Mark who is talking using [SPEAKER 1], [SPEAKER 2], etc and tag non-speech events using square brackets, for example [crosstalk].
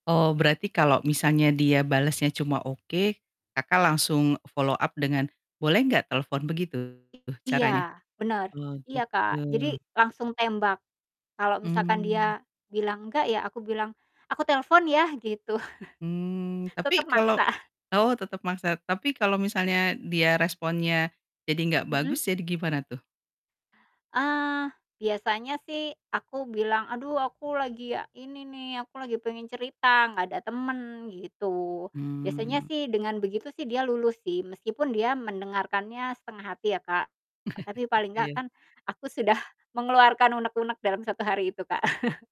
[SPEAKER 1] Oh, berarti kalau misalnya dia balasnya cuma oke, Kakak langsung follow up dengan, "Boleh nggak telepon?" Begitu
[SPEAKER 2] I Iya,
[SPEAKER 1] caranya?
[SPEAKER 2] bener.
[SPEAKER 1] Oh
[SPEAKER 2] Iya, Kak,
[SPEAKER 1] gitu.
[SPEAKER 2] jadi langsung tembak. Kalau misalkan dia
[SPEAKER 1] Mmm.
[SPEAKER 2] bilang nggak, ya aku bilang, "Aku telepon ya," gitu. [chuckles]
[SPEAKER 1] Mmm,
[SPEAKER 2] Tetap
[SPEAKER 1] tapi kalau
[SPEAKER 2] maksa. [chuckles]
[SPEAKER 1] oh, tetap maksa. Tapi kalau misalnya dia responnya jadi nggak
[SPEAKER 2] Mhm.
[SPEAKER 1] bagus, jadi gimana tuh?
[SPEAKER 2] Eee, biasanya sih aku bilang, "Aduh aku lagi ini nih, aku lagi pengen cerita, nggak ada temen," gitu. Biasanya
[SPEAKER 1] Mmm.
[SPEAKER 2] sih dengan begitu sih dia luluh sih, meskipun dia mendengarkannya setengah hati ya, Kak. Tapi
[SPEAKER 1] [chuckles]
[SPEAKER 2] paling nggak
[SPEAKER 1] Iya.
[SPEAKER 2] kan aku sudah mengeluarkan unek-unek dalam 1 hari itu, Kak. [chuckles]